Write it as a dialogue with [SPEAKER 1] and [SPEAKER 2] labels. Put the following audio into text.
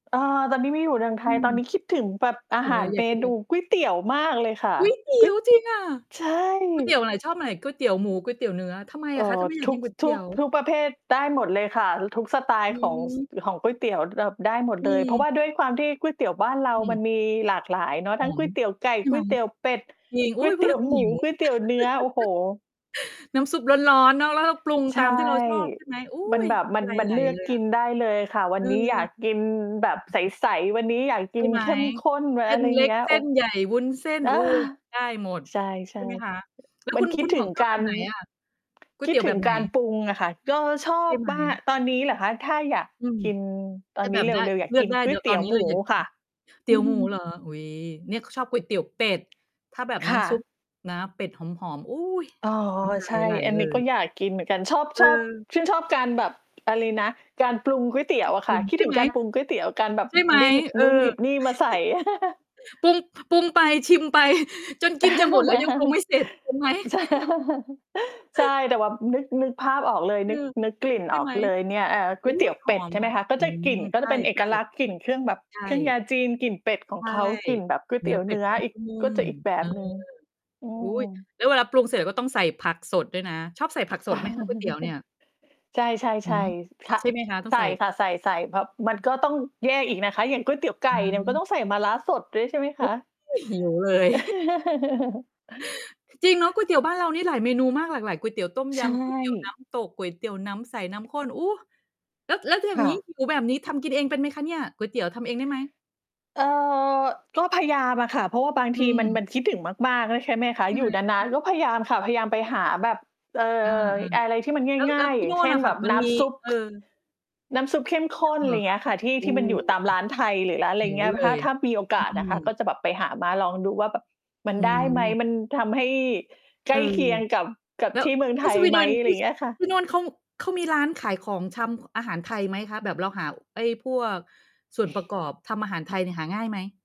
[SPEAKER 1] เอ่อ ตอนนี้ไม่อยู่เรืองไท
[SPEAKER 2] อื
[SPEAKER 1] ย ตอนน
[SPEAKER 2] ม
[SPEAKER 1] ี้คิดถึงแบบอ
[SPEAKER 2] อ
[SPEAKER 1] า
[SPEAKER 2] ย่าง
[SPEAKER 1] ห
[SPEAKER 2] เงี้
[SPEAKER 1] า
[SPEAKER 2] ย
[SPEAKER 1] ร
[SPEAKER 2] อย่
[SPEAKER 1] เม
[SPEAKER 2] าคิดเ
[SPEAKER 1] น
[SPEAKER 2] ล
[SPEAKER 1] ู
[SPEAKER 2] ย
[SPEAKER 1] ก๋วยเตี๋ยวมากเลยค่ะ
[SPEAKER 2] ก๋วยเตี
[SPEAKER 1] ก
[SPEAKER 2] ๋
[SPEAKER 1] ๋
[SPEAKER 2] ย
[SPEAKER 1] ว
[SPEAKER 2] ว!
[SPEAKER 1] ย
[SPEAKER 2] จริงอะ?
[SPEAKER 1] ใช่
[SPEAKER 2] ก๋วยเตี๋ยวไหน? ชอบไหน? ก๋วยเตี๋ยวหมู ก๋วยเตี๋ยวเนื้อ ทำไม
[SPEAKER 1] เอ
[SPEAKER 2] อ
[SPEAKER 1] ่อ
[SPEAKER 2] ะคะ ทำไมอยา
[SPEAKER 1] ท
[SPEAKER 2] ก
[SPEAKER 1] ุ
[SPEAKER 2] กิ
[SPEAKER 1] ก
[SPEAKER 2] นก๋
[SPEAKER 1] ส
[SPEAKER 2] วยเต
[SPEAKER 1] ทุ
[SPEAKER 2] ี๋
[SPEAKER 1] ก
[SPEAKER 2] ยว?
[SPEAKER 1] ทุกประเภท ได้หมดเลยค่ะ ทุกสไตล
[SPEAKER 2] อ
[SPEAKER 1] ์
[SPEAKER 2] ื
[SPEAKER 1] ของ ส
[SPEAKER 2] อ
[SPEAKER 1] ของก๋วยเตี๋ยว แบบได้หมดเ
[SPEAKER 2] อ
[SPEAKER 1] ลย เพราะ
[SPEAKER 2] ือ
[SPEAKER 1] ว่าด้วยความที่ก๋วยเตี๋ยวบ้านเรา
[SPEAKER 2] อื
[SPEAKER 1] มัน
[SPEAKER 2] อ
[SPEAKER 1] มีหลากหลายเนาะ
[SPEAKER 2] อ๋
[SPEAKER 1] ท
[SPEAKER 2] อ
[SPEAKER 1] ั้งก๋วยเตี๋ยวไก่ ก๋
[SPEAKER 2] ค
[SPEAKER 1] ว
[SPEAKER 2] ่ะ
[SPEAKER 1] ยเตี๋ยวเป็ด
[SPEAKER 2] จริง
[SPEAKER 1] ก
[SPEAKER 2] อุ
[SPEAKER 1] ๋
[SPEAKER 2] ๊
[SPEAKER 1] ว
[SPEAKER 2] ย
[SPEAKER 1] ย เ
[SPEAKER 2] พ
[SPEAKER 1] ต
[SPEAKER 2] ูด
[SPEAKER 1] ี๋
[SPEAKER 2] แ
[SPEAKER 1] ย
[SPEAKER 2] ล้
[SPEAKER 1] ว
[SPEAKER 2] ว ก็
[SPEAKER 1] หม
[SPEAKER 2] หิ
[SPEAKER 1] ู
[SPEAKER 2] ว
[SPEAKER 1] ก๋วยเตี๋ยวเนื้อ โอ้โฮ
[SPEAKER 2] น้ำซุปร้อน ๆ เนาะ แล้วเราปรุง
[SPEAKER 1] ใช
[SPEAKER 2] ต
[SPEAKER 1] ่
[SPEAKER 2] ามที่เราชอบใช่ไหม? โอ๊
[SPEAKER 1] มัน
[SPEAKER 2] ย
[SPEAKER 1] แบบ
[SPEAKER 2] น้
[SPEAKER 1] มัน
[SPEAKER 2] ำลาย
[SPEAKER 1] มั
[SPEAKER 2] ไ
[SPEAKER 1] น
[SPEAKER 2] หล
[SPEAKER 1] เลือ
[SPEAKER 2] เ
[SPEAKER 1] ก
[SPEAKER 2] ลย
[SPEAKER 1] ก
[SPEAKER 2] อ
[SPEAKER 1] ิ
[SPEAKER 2] ะ
[SPEAKER 1] นได้เลยค่ะ วั
[SPEAKER 2] อ
[SPEAKER 1] น
[SPEAKER 2] ื
[SPEAKER 1] นี้อยาก
[SPEAKER 2] อ
[SPEAKER 1] กินแบบใส ๆ วันนี้อยากก
[SPEAKER 2] ใช
[SPEAKER 1] ิ
[SPEAKER 2] ่
[SPEAKER 1] น
[SPEAKER 2] ไหม?
[SPEAKER 1] เข้มข้น
[SPEAKER 2] เส้
[SPEAKER 1] อะ
[SPEAKER 2] น
[SPEAKER 1] ไร
[SPEAKER 2] เล็
[SPEAKER 1] เง
[SPEAKER 2] ก
[SPEAKER 1] ี้ย
[SPEAKER 2] เส
[SPEAKER 1] โอ
[SPEAKER 2] ้
[SPEAKER 1] ้
[SPEAKER 2] นใหญ่ วุ้นเส้น
[SPEAKER 1] อ้
[SPEAKER 2] โอ
[SPEAKER 1] า
[SPEAKER 2] ๊ย ได้หมด
[SPEAKER 1] ใช
[SPEAKER 2] ใช
[SPEAKER 1] ่
[SPEAKER 2] ่ไหมคะ? แล้ว
[SPEAKER 1] ๆ มั
[SPEAKER 2] ค
[SPEAKER 1] น
[SPEAKER 2] ุณ
[SPEAKER 1] คิ
[SPEAKER 2] คุ
[SPEAKER 1] ด
[SPEAKER 2] ณ
[SPEAKER 1] ถ
[SPEAKER 2] หม
[SPEAKER 1] ึ
[SPEAKER 2] ว
[SPEAKER 1] ง
[SPEAKER 2] กชอ
[SPEAKER 1] ก
[SPEAKER 2] บแบ
[SPEAKER 1] าร
[SPEAKER 2] บไหนอะ? ก๋ว
[SPEAKER 1] ค
[SPEAKER 2] ยเ
[SPEAKER 1] ิ
[SPEAKER 2] ต
[SPEAKER 1] ด
[SPEAKER 2] ี๋ยว
[SPEAKER 1] ถ
[SPEAKER 2] แ
[SPEAKER 1] ึ
[SPEAKER 2] บ
[SPEAKER 1] ง
[SPEAKER 2] บไหน?
[SPEAKER 1] การปรุงอะค่ะ ก็ชอ
[SPEAKER 2] ใช่
[SPEAKER 1] บ
[SPEAKER 2] ไหม?
[SPEAKER 1] มาก ตอนนี้เหรอคะ? ถ้าอยาก
[SPEAKER 2] อืม
[SPEAKER 1] กินต
[SPEAKER 2] ถ
[SPEAKER 1] อ
[SPEAKER 2] ้
[SPEAKER 1] น
[SPEAKER 2] า
[SPEAKER 1] น
[SPEAKER 2] แ
[SPEAKER 1] ี
[SPEAKER 2] บ
[SPEAKER 1] ้
[SPEAKER 2] บ
[SPEAKER 1] เร
[SPEAKER 2] ได้
[SPEAKER 1] ็ว ๆ อยาก
[SPEAKER 2] เลื
[SPEAKER 1] ก
[SPEAKER 2] อ
[SPEAKER 1] ิ
[SPEAKER 2] ก
[SPEAKER 1] น
[SPEAKER 2] ได้
[SPEAKER 1] ก๋
[SPEAKER 2] เด
[SPEAKER 1] ว
[SPEAKER 2] ี๋
[SPEAKER 1] ย
[SPEAKER 2] ยว
[SPEAKER 1] เต
[SPEAKER 2] ต
[SPEAKER 1] ี
[SPEAKER 2] อ
[SPEAKER 1] ๋ย
[SPEAKER 2] น
[SPEAKER 1] ว
[SPEAKER 2] นี้
[SPEAKER 1] หม
[SPEAKER 2] เล
[SPEAKER 1] ู
[SPEAKER 2] ยอยาก กิ
[SPEAKER 1] ค
[SPEAKER 2] น
[SPEAKER 1] ่ะ
[SPEAKER 2] เตี๋ยวหมูเหรอ? อุ๊ย เนี่ย ข ชอบก๋วยเตี๋ยวเป็ด ถ้าแบบ
[SPEAKER 1] ค
[SPEAKER 2] น้
[SPEAKER 1] ่ะ
[SPEAKER 2] ำซุปนะ เป็ดหอม ๆ อุ๊ย
[SPEAKER 1] อ๋อ
[SPEAKER 2] น้ำลา
[SPEAKER 1] ใช
[SPEAKER 2] ย
[SPEAKER 1] ่
[SPEAKER 2] ไหล
[SPEAKER 1] อัน
[SPEAKER 2] เล
[SPEAKER 1] นี้ก็
[SPEAKER 2] ย
[SPEAKER 1] อยากกินเหมือนกัน ชอบ ชอบ
[SPEAKER 2] เออ
[SPEAKER 1] ชื่นชอบการแบบ อะไรนะ การปรุงก๋วยเตี๋
[SPEAKER 2] ต
[SPEAKER 1] ย
[SPEAKER 2] ้อ
[SPEAKER 1] ว
[SPEAKER 2] ง
[SPEAKER 1] อะ
[SPEAKER 2] ป
[SPEAKER 1] ค
[SPEAKER 2] ร
[SPEAKER 1] ่
[SPEAKER 2] ุ
[SPEAKER 1] ะ
[SPEAKER 2] ง
[SPEAKER 1] คิด
[SPEAKER 2] ใช่
[SPEAKER 1] ถึ
[SPEAKER 2] ไ
[SPEAKER 1] ง
[SPEAKER 2] หม?
[SPEAKER 1] การปรุงก๋วยเตี๋ยว การแบบ
[SPEAKER 2] ใช่ไหม?
[SPEAKER 1] ได้หยิบ
[SPEAKER 2] เออ
[SPEAKER 1] นู่นหยิบนี่มาใส่
[SPEAKER 2] ปรุง ปรุงไปชิมไป จนกินจะหมดแล้ว ยังปรุงไม่เสร็จ ถูก ไหม?
[SPEAKER 1] ใช่ ใช่ แต่ว่านึก นึกภาพออกเลย
[SPEAKER 2] เอ
[SPEAKER 1] นึ
[SPEAKER 2] อ
[SPEAKER 1] ก นึกกลิ่น
[SPEAKER 2] ใช
[SPEAKER 1] อ
[SPEAKER 2] ่
[SPEAKER 1] อ
[SPEAKER 2] ไ
[SPEAKER 1] ก
[SPEAKER 2] หม?
[SPEAKER 1] เลยเนี่ย อ่า ก๋
[SPEAKER 2] อ
[SPEAKER 1] ว
[SPEAKER 2] ุ๊
[SPEAKER 1] ยเตี๋ย
[SPEAKER 2] ย
[SPEAKER 1] ว
[SPEAKER 2] ห
[SPEAKER 1] เป
[SPEAKER 2] อ
[SPEAKER 1] ็ด
[SPEAKER 2] ม
[SPEAKER 1] ใช่ไห
[SPEAKER 2] อ
[SPEAKER 1] ม
[SPEAKER 2] ะ
[SPEAKER 1] คะ ก็
[SPEAKER 2] อื
[SPEAKER 1] จะก
[SPEAKER 2] ม
[SPEAKER 1] ลิ่นก็
[SPEAKER 2] ใช
[SPEAKER 1] จะ
[SPEAKER 2] ่
[SPEAKER 1] เป็นเอกลักษณ์ กลิ่นเครื่องแบบ
[SPEAKER 2] ๆ ใช
[SPEAKER 1] เครื่องย
[SPEAKER 2] ่
[SPEAKER 1] าจีน กลิ่นเป็ดขอ
[SPEAKER 2] ใช
[SPEAKER 1] ง
[SPEAKER 2] ่
[SPEAKER 1] เขา กลิ่นแบบก๋วย
[SPEAKER 2] เน
[SPEAKER 1] เ
[SPEAKER 2] ื
[SPEAKER 1] ต
[SPEAKER 2] ้
[SPEAKER 1] ี๋
[SPEAKER 2] อ
[SPEAKER 1] ยว
[SPEAKER 2] เป
[SPEAKER 1] เ
[SPEAKER 2] ็
[SPEAKER 1] น
[SPEAKER 2] ด
[SPEAKER 1] ื้ออีก
[SPEAKER 2] นุ่
[SPEAKER 1] ก็
[SPEAKER 2] ม
[SPEAKER 1] จะอีกแบ
[SPEAKER 2] ๆ เออ
[SPEAKER 1] บหนึ่ง อื
[SPEAKER 2] อุ๊
[SPEAKER 1] ม
[SPEAKER 2] ย แล้วเวลาปรุงเสร็จ ก็ต้องใส่ผักสดด้วยนะ ชอบใส่ผักสด ไหมคะ ก๋วยเตี๋ยวเนี่ย?
[SPEAKER 1] ใ
[SPEAKER 2] ห
[SPEAKER 1] ช
[SPEAKER 2] ื
[SPEAKER 1] ่
[SPEAKER 2] อ
[SPEAKER 1] ๆ ๆ ท
[SPEAKER 2] ใช่
[SPEAKER 1] อิ
[SPEAKER 2] ไหมคะ? ต้อ
[SPEAKER 1] ใ
[SPEAKER 2] ง
[SPEAKER 1] ส
[SPEAKER 2] ใ
[SPEAKER 1] ่
[SPEAKER 2] ส่
[SPEAKER 1] ค่ะ ใส่ ๆ แบบมันก็ต้องแยกอีกนะคะ อย่างก๋วยเตี๋ยวไก
[SPEAKER 2] อ
[SPEAKER 1] ่
[SPEAKER 2] ื
[SPEAKER 1] เนี่ย ก็ต
[SPEAKER 2] ม
[SPEAKER 1] ้องใส่มะระสดด้วย ใช่ไหมคะ?
[SPEAKER 2] โอ้ย หิวเลย จริงเนาะ ก๋วยเตี๋ยวบ้านเรานี่หลายเมนูมาก หลากหลาย ก๋วยเตี๋ยวต้ม
[SPEAKER 1] ใ
[SPEAKER 2] ย
[SPEAKER 1] ช
[SPEAKER 2] ำ ก๋วยเตี๋ยวน้
[SPEAKER 1] ่
[SPEAKER 2] ำ ตก ก๋วยเตี๋ยวน้ำใส น้ำข้น โอ้ แล้ว แล้วถ้าอย
[SPEAKER 1] ค
[SPEAKER 2] ่าง
[SPEAKER 1] ่
[SPEAKER 2] งี้
[SPEAKER 1] ะ
[SPEAKER 2] หิว แบบนี้ทำกินเองเป็นไหมคะเนี่ย? ก๋วยเตี๋ยวทำเองได้ไหม?
[SPEAKER 1] เอ่อ ก็พยายามอะค่ะ เพราะว่าบาง
[SPEAKER 2] อ
[SPEAKER 1] ทีมัน
[SPEAKER 2] ืม
[SPEAKER 1] มันคิดถึงมาก ๆ ด้วย ใช่ไหมคะ?
[SPEAKER 2] ใช่
[SPEAKER 1] อ
[SPEAKER 2] ไ
[SPEAKER 1] ย
[SPEAKER 2] ห
[SPEAKER 1] ู
[SPEAKER 2] ม?
[SPEAKER 1] ่นาน ๆ ก็พยายามค่ะ พยายามไปหาแบบ เอ่
[SPEAKER 2] เออ
[SPEAKER 1] อ อะไรที่มัน
[SPEAKER 2] ๆ แล้ว
[SPEAKER 1] ง
[SPEAKER 2] แ
[SPEAKER 1] ่
[SPEAKER 2] ล้ว
[SPEAKER 1] าย
[SPEAKER 2] ท
[SPEAKER 1] ๆ อ
[SPEAKER 2] ี่
[SPEAKER 1] ย่
[SPEAKER 2] น
[SPEAKER 1] า
[SPEAKER 2] ู
[SPEAKER 1] ง
[SPEAKER 2] ่
[SPEAKER 1] เช
[SPEAKER 2] น
[SPEAKER 1] ่
[SPEAKER 2] อ
[SPEAKER 1] น
[SPEAKER 2] ะค
[SPEAKER 1] แ
[SPEAKER 2] ่
[SPEAKER 1] บ
[SPEAKER 2] ะ
[SPEAKER 1] บ
[SPEAKER 2] มัน
[SPEAKER 1] น้
[SPEAKER 2] มี
[SPEAKER 1] ำซุป
[SPEAKER 2] เออ
[SPEAKER 1] น้ำซุปเข้ม
[SPEAKER 2] ท
[SPEAKER 1] ข
[SPEAKER 2] ี่โน่
[SPEAKER 1] ้
[SPEAKER 2] น
[SPEAKER 1] น
[SPEAKER 2] เหร
[SPEAKER 1] ไร
[SPEAKER 2] อ ค
[SPEAKER 1] เงี้
[SPEAKER 2] ะ?
[SPEAKER 1] ยค่ะ ที่
[SPEAKER 2] เอ
[SPEAKER 1] ที่มันอย
[SPEAKER 2] อ
[SPEAKER 1] ู่ตามร้ายไทย หรือร้าน อะไ
[SPEAKER 2] ห
[SPEAKER 1] ร
[SPEAKER 2] ิว
[SPEAKER 1] เงี้ย
[SPEAKER 2] เล
[SPEAKER 1] ถ้า
[SPEAKER 2] ย
[SPEAKER 1] ถ้ามีโอกาส
[SPEAKER 2] อื
[SPEAKER 1] นะคะ ก็
[SPEAKER 2] ม
[SPEAKER 1] จะแบบไปหามาลองดูว่าแบบมัน
[SPEAKER 2] อื
[SPEAKER 1] ได้ไหม?
[SPEAKER 2] อ
[SPEAKER 1] มันทำให้ใก
[SPEAKER 2] เอ
[SPEAKER 1] ล้
[SPEAKER 2] อ
[SPEAKER 1] เคียงกับ กับ
[SPEAKER 2] แล้ว
[SPEAKER 1] ที่เมือง
[SPEAKER 2] ท
[SPEAKER 1] ไท
[SPEAKER 2] ี่ส
[SPEAKER 1] ย
[SPEAKER 2] วี
[SPEAKER 1] ไ
[SPEAKER 2] เด
[SPEAKER 1] หม?
[SPEAKER 2] น ท
[SPEAKER 1] ไร
[SPEAKER 2] ี่
[SPEAKER 1] เงี้ยค่ะ
[SPEAKER 2] ที่โน่นเขา เขามีร้านขายของชำ อาหารไทยไหมคะ? แบบเราหาไอ้พวกส่วนประกอบทำอาหารไทยเนี่ย หาง่ายไหม?